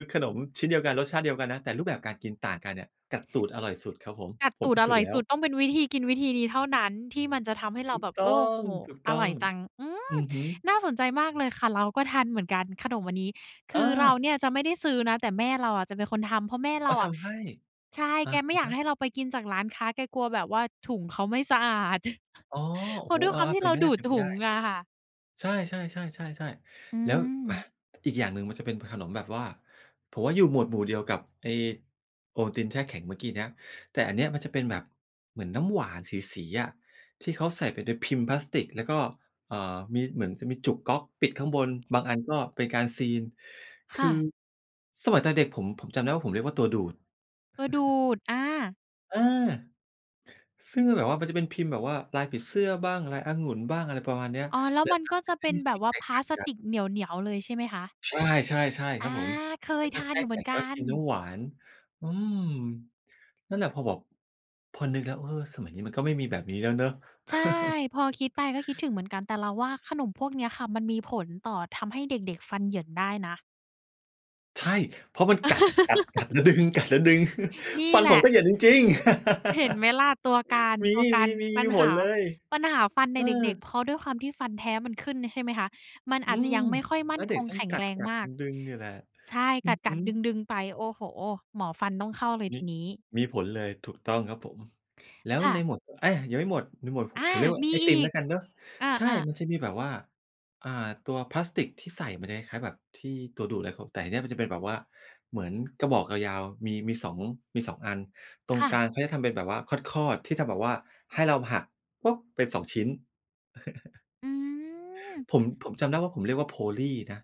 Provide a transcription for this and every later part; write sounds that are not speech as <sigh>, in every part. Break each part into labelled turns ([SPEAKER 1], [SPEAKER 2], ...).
[SPEAKER 1] คือขนมชิ้นเดียวกัน รสชาติเดียวกันนะ แต่รูปแบบการกินต่างกันเนี่ย กัดตูดอร่อยสุดครับผม
[SPEAKER 2] กัด
[SPEAKER 1] ผ
[SPEAKER 2] ต
[SPEAKER 1] ม
[SPEAKER 2] ู
[SPEAKER 1] พ
[SPEAKER 2] ด
[SPEAKER 1] ิ
[SPEAKER 2] อ
[SPEAKER 1] สู
[SPEAKER 2] ร
[SPEAKER 1] จ
[SPEAKER 2] ่
[SPEAKER 1] น์
[SPEAKER 2] อย
[SPEAKER 1] แล้
[SPEAKER 2] ส
[SPEAKER 1] ว
[SPEAKER 2] ุด ต้องเป็นวิธีกินวิธีนี้เท่านั้นที่มันจะทำให้เร
[SPEAKER 1] ถ
[SPEAKER 2] า
[SPEAKER 1] ูก
[SPEAKER 2] แบบ
[SPEAKER 1] ต
[SPEAKER 2] โอ
[SPEAKER 1] ้
[SPEAKER 2] ้
[SPEAKER 1] อง
[SPEAKER 2] โฮ
[SPEAKER 1] ถูก
[SPEAKER 2] อ
[SPEAKER 1] ต้
[SPEAKER 2] ร่
[SPEAKER 1] อ
[SPEAKER 2] อ
[SPEAKER 1] ง
[SPEAKER 2] ยจัง อื
[SPEAKER 1] อ
[SPEAKER 2] ม
[SPEAKER 1] ือฮึ
[SPEAKER 2] น่าสนใจมากเลยค่ะ เราก็ทันเหมือนกัน ขนมอันนี้ ค
[SPEAKER 1] อ
[SPEAKER 2] ือเรา
[SPEAKER 1] า
[SPEAKER 2] เนี่ยจะไม่ได้ซื้อนะ แต่แม่เราอะจะเป็นคนทำ เพราะแม่เ
[SPEAKER 1] อ๋
[SPEAKER 2] ร
[SPEAKER 1] อ
[SPEAKER 2] าอ
[SPEAKER 1] ท
[SPEAKER 2] ะ
[SPEAKER 1] ำให้
[SPEAKER 2] ใช่
[SPEAKER 1] อะ
[SPEAKER 2] แกไม่อย
[SPEAKER 1] ฮ
[SPEAKER 2] าก
[SPEAKER 1] ะ
[SPEAKER 2] ให้เราไปกินจากร้านค้า แกกลัวแบบว่าถุงเขาไม่สะอาด <chuckles>
[SPEAKER 1] อ๋อ โ
[SPEAKER 2] เ
[SPEAKER 1] อ้
[SPEAKER 2] พรา
[SPEAKER 1] โฮ
[SPEAKER 2] ะด้วย
[SPEAKER 1] อ
[SPEAKER 2] คว
[SPEAKER 1] า
[SPEAKER 2] ามท
[SPEAKER 1] ๆ
[SPEAKER 2] ี่
[SPEAKER 1] เป็
[SPEAKER 2] เ
[SPEAKER 1] น
[SPEAKER 2] รา
[SPEAKER 1] ไป
[SPEAKER 2] ดูดถ
[SPEAKER 1] ไ
[SPEAKER 2] ุ
[SPEAKER 1] ด้
[SPEAKER 2] งอะค่ะ
[SPEAKER 1] ๆ ใช่ ๆ ๆ ๆ
[SPEAKER 2] อื
[SPEAKER 1] ๆ แล้ว อะ
[SPEAKER 2] ม
[SPEAKER 1] อีกอย่างหนึ่งมันจะเป็นขนมแบบว่า ผมว่าอยู่หมวดหมู่เดียวกับไอ้โปรตีนแช่แข็งเมื่อกี้เนี้ย แต่อันเนี้ยมันจะเป็นแบบเหมือนน้ำหวานสี ๆ อะ ที่เขาใส่ไปในพิมพ์พลาสติก แล้วก็ อ่า มี เหมือนจะมีจุกก๊อกปิดข้างบน บางอันก็เป็นการซีล ค
[SPEAKER 2] ค
[SPEAKER 1] ื
[SPEAKER 2] ่ะ
[SPEAKER 1] อ สมัยตอนเด็ก ๆ ผม ผมจำได้ว่า ผมเรียกว่า ตัวดูด
[SPEAKER 2] ตัวดู
[SPEAKER 1] <chuckles>
[SPEAKER 2] ด อา
[SPEAKER 1] อา ซึ่งมันแบบว่ามันจะเป็นพิมพ์แบบว่าลายผีเสื้อบ้าง ลายองุ่นบ้าง อะไรประมาณเนี้ย
[SPEAKER 2] อ๋อ แล้
[SPEAKER 1] แ
[SPEAKER 2] ว
[SPEAKER 1] ละ
[SPEAKER 2] มัน
[SPEAKER 1] ท
[SPEAKER 2] ก็
[SPEAKER 1] ำให้
[SPEAKER 2] จะ
[SPEAKER 1] ม
[SPEAKER 2] เป
[SPEAKER 1] ัน
[SPEAKER 2] ็น
[SPEAKER 1] มี
[SPEAKER 2] แบ
[SPEAKER 1] ส
[SPEAKER 2] บ
[SPEAKER 1] ี
[SPEAKER 2] ว่า
[SPEAKER 1] แต
[SPEAKER 2] พ
[SPEAKER 1] กต
[SPEAKER 2] ล
[SPEAKER 1] ่
[SPEAKER 2] า
[SPEAKER 1] าง
[SPEAKER 2] ส
[SPEAKER 1] กั
[SPEAKER 2] ต
[SPEAKER 1] น
[SPEAKER 2] ิกเหนียว เหนียวเลย ใช่ไหมคะ?
[SPEAKER 1] ใช่ ใช่ ๆ ค
[SPEAKER 2] อ
[SPEAKER 1] ร
[SPEAKER 2] า
[SPEAKER 1] ับผม
[SPEAKER 2] เค
[SPEAKER 1] แล
[SPEAKER 2] ย
[SPEAKER 1] ้ว
[SPEAKER 2] ท
[SPEAKER 1] ก็
[SPEAKER 2] า
[SPEAKER 1] แช
[SPEAKER 2] น
[SPEAKER 1] ่
[SPEAKER 2] อยู่เ
[SPEAKER 1] แ
[SPEAKER 2] ห
[SPEAKER 1] ข
[SPEAKER 2] มื
[SPEAKER 1] ็
[SPEAKER 2] อน
[SPEAKER 1] ง แล
[SPEAKER 2] ก
[SPEAKER 1] ้
[SPEAKER 2] ั
[SPEAKER 1] วก็กินน
[SPEAKER 2] น
[SPEAKER 1] ้ำหวาน อืม นั่นแหละ พอบอก พอนึกแล้ว เออ สมัยนี้มันก็ไม่มีแบบนี้แล้วเนาะ
[SPEAKER 2] ใช่ พอคิดไ
[SPEAKER 1] <chuckles>
[SPEAKER 2] ป ก็คิดถึงเหมือนกัน แต่เราว่าขนมพวกเนี้ยค่ะมันมีผลต่อ ทำให้เด็ก ๆ ฟันเหยินได้นะ
[SPEAKER 1] ใช่ เพราะมันกัด กัด กัดแล้วดึง กัดแล้วดึง <chuckles>
[SPEAKER 2] <laughs> นี่
[SPEAKER 1] ฟัน
[SPEAKER 2] แหล
[SPEAKER 1] ผม
[SPEAKER 2] ะ
[SPEAKER 1] ก็เหยินจริง ๆ
[SPEAKER 2] เห็นไหม
[SPEAKER 1] <laughs>
[SPEAKER 2] ล่ะ? ตัวการ
[SPEAKER 1] ม
[SPEAKER 2] ตัวกา
[SPEAKER 1] ี
[SPEAKER 2] ร
[SPEAKER 1] ๆ ๆ มี
[SPEAKER 2] ปัญ
[SPEAKER 1] ผ
[SPEAKER 2] ห
[SPEAKER 1] ล
[SPEAKER 2] า
[SPEAKER 1] เลย
[SPEAKER 2] ปัญหาฟันใน
[SPEAKER 1] เอ
[SPEAKER 2] เด็ก
[SPEAKER 1] อ
[SPEAKER 2] ๆ เพราะด้วยความที่ฟันแท้มันขึ้นเนี่ยใช่ไหมคะ มันอ
[SPEAKER 1] อื
[SPEAKER 2] าจจะ
[SPEAKER 1] ม
[SPEAKER 2] ยังไม่ค่อยม
[SPEAKER 1] แล
[SPEAKER 2] ั่
[SPEAKER 1] ้
[SPEAKER 2] น
[SPEAKER 1] วเด
[SPEAKER 2] ค
[SPEAKER 1] ็ก
[SPEAKER 2] ง
[SPEAKER 1] ต้อ
[SPEAKER 2] แ
[SPEAKER 1] ง
[SPEAKER 2] ข็ง
[SPEAKER 1] กั
[SPEAKER 2] แร
[SPEAKER 1] ด
[SPEAKER 2] ง
[SPEAKER 1] กัด
[SPEAKER 2] มาก
[SPEAKER 1] ดึง ๆ เนี่ยแหละ
[SPEAKER 2] ใช่
[SPEAKER 1] อื
[SPEAKER 2] ก
[SPEAKER 1] อฮ
[SPEAKER 2] ั
[SPEAKER 1] ึ
[SPEAKER 2] ด ๆ ดึง ๆ ไป โอ้โฮ หมอฟันต้องเข้าเลย
[SPEAKER 1] ม
[SPEAKER 2] ท
[SPEAKER 1] ิ
[SPEAKER 2] ีนี้
[SPEAKER 1] มีผลเลย ถูกต้องครับผม แล้ว
[SPEAKER 2] ค่
[SPEAKER 1] ใ
[SPEAKER 2] ะ
[SPEAKER 1] นหมวด ไอ้ ยังไม่หมด ไม่หมด ผ
[SPEAKER 2] อา
[SPEAKER 1] ผมเรียกว่า
[SPEAKER 2] มี
[SPEAKER 1] ไอ
[SPEAKER 2] อ
[SPEAKER 1] ติม
[SPEAKER 2] ี
[SPEAKER 1] แล
[SPEAKER 2] ก
[SPEAKER 1] ้วกันเนาะ
[SPEAKER 2] อ
[SPEAKER 1] ใช่
[SPEAKER 2] า ๆ
[SPEAKER 1] มันจะมีแบบว่า อ่า ตัวพลาสติกที่ใส่มันจะคล้าย ๆ แบบที่ ตัวดูดเลยครับ แต่ไอ้เนี่ยมันจะเป็นแบบว่าเหมือน กระบอกยาว ๆ มี มี 2 มี 2 อัน ตร
[SPEAKER 2] ค
[SPEAKER 1] ง
[SPEAKER 2] ่
[SPEAKER 1] ก
[SPEAKER 2] ะ
[SPEAKER 1] ลางเขาจะทำเป็นแบบว่าคอด ๆ ที่จะแบบว่าให้เราหัก เป็น 2 ชิ้น <chuckles>
[SPEAKER 2] อืม
[SPEAKER 1] ผม
[SPEAKER 2] <smacks lips>
[SPEAKER 1] ผมจำได้ว่า ผมเรียกว่า โพลี่ นะ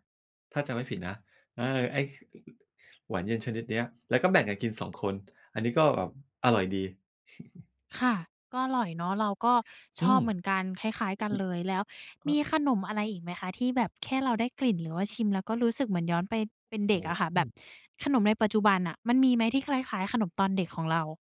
[SPEAKER 1] ถ้าจำไม่ผิดนะ เออ ไอ้ ค หวานเย็นชนิดเนี้ย แล้วก็แบ่งกันกิน 2 คน อันนี้ก็แบบอร่อยดี <chuckles>
[SPEAKER 2] ค่ะ ก็อร่อยเนาะ เราก็ช
[SPEAKER 1] อื
[SPEAKER 2] อบ
[SPEAKER 1] ม
[SPEAKER 2] เหมือนกัน คล้าย ๆ กันเลย แล้ว
[SPEAKER 1] ก็
[SPEAKER 2] มีขนมอะไรอีกไหมคะ? ที่แบบแค่เราได้กลิ่น หรือว่าชิมแล้วก็รู้สึกเหมือนย้อนไปเป็นเด
[SPEAKER 1] โอ
[SPEAKER 2] ็ก
[SPEAKER 1] ้
[SPEAKER 2] อะค่ะ
[SPEAKER 1] โ
[SPEAKER 2] แบบ
[SPEAKER 1] ฮ
[SPEAKER 2] ขนมในปัจจุบันน่ะมันมีไหม? ที่คล้าย ๆ ขนมตอนเด็กของเรา